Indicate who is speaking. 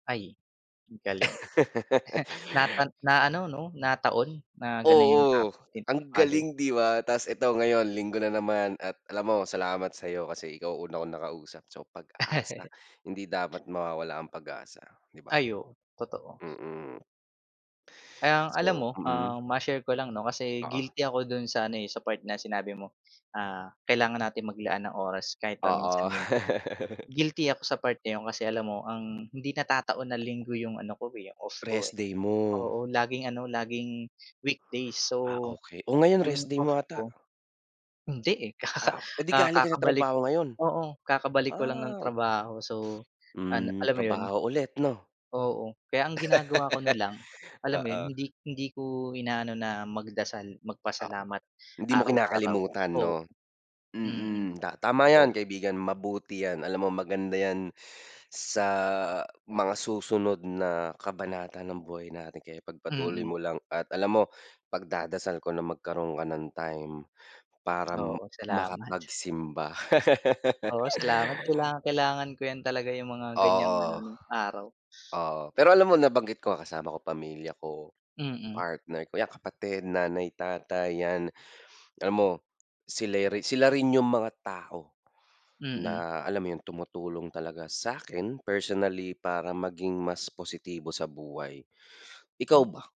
Speaker 1: Ay, ang galing. Nata na ano 'no, na taon na gano'n 'yung
Speaker 2: Oo,
Speaker 1: topic ni
Speaker 2: ang
Speaker 1: father.
Speaker 2: galing 'di ba, ta's ito ngayon linggo na naman at alam mo salamat sa'yo kasi ikaw una kong nakausap. So pag-asa, hindi dapat mawawala ang pag-asa, 'di ba?
Speaker 1: Ay oo, totoo.
Speaker 2: Mm.
Speaker 1: Ang alam
Speaker 2: So
Speaker 1: mo,
Speaker 2: mm.
Speaker 1: um, ma-share ko lang 'no, kasi
Speaker 2: Oo.
Speaker 1: guilty ako dun sa ano, eh, sa part na sinabi mo. Ah, kailangan natin maglaan ng oras kahit
Speaker 2: Oo.
Speaker 1: paminsan-minsan. Guilty ako sa part na 'yon, kasi alam mo ang hindi natataon na linggo 'yong ano ko, eh, 'yong off ko, eh,
Speaker 2: Restday mo.
Speaker 1: oo laging ano laging weekdays.
Speaker 2: Ah,
Speaker 1: So,
Speaker 2: okey. O ngayon rest
Speaker 1: 'yong
Speaker 2: day
Speaker 1: off
Speaker 2: mo ata.
Speaker 1: ko hindi eh, kaka
Speaker 2: Ah, eh di
Speaker 1: ah,
Speaker 2: galing ka sa
Speaker 1: kakabalik
Speaker 2: trabaho ngayon?
Speaker 1: oo kakabalik ko lang nung
Speaker 2: Ah.
Speaker 1: trabaho, so ano
Speaker 2: Hmm,
Speaker 1: alam mo 'yun.
Speaker 2: trabaho ulit 'no.
Speaker 1: Oo, kaya ang ginagawa ko na lang, alam mo 'yun,
Speaker 2: Oo.
Speaker 1: hindi hindi ko inaano na magdasal,
Speaker 2: Oo,
Speaker 1: magpasalamat
Speaker 2: hindi mo
Speaker 1: araw-araw.
Speaker 2: kinakalimutan
Speaker 1: Oo,
Speaker 2: 'no,
Speaker 1: mm.
Speaker 2: mm, ta tama
Speaker 1: Oh.
Speaker 2: 'yan kaibigan, mabuti 'yan. Alam mo maganda 'yan sa mga susunod na kabanata ng buhay natin kaya pagpatuloy
Speaker 1: Mm.
Speaker 2: mo lang at alam mo pagdadasal ko na magkaroon ka ng time para
Speaker 1: Oo, salamat.
Speaker 2: makapagsimba.
Speaker 1: Oo salamat. Kailangang-kailangan ko 'yan talaga 'yung mga ganiyang
Speaker 2: Oo.
Speaker 1: anong araw.
Speaker 2: Oo, pero alam mo nabanggit ko, kasama ko pamilya ko,
Speaker 1: Mm.
Speaker 2: partner ko, 'yan kapatid, nanay, tatay, 'yan. Alam mo, sila rin sila rin 'yong mga tao
Speaker 1: Mm.
Speaker 2: na alam mo 'yon tumutulong talaga sa'kin personally para maging mas positibo sa buhay. Ikaw ba?
Speaker 1: [unintelligible]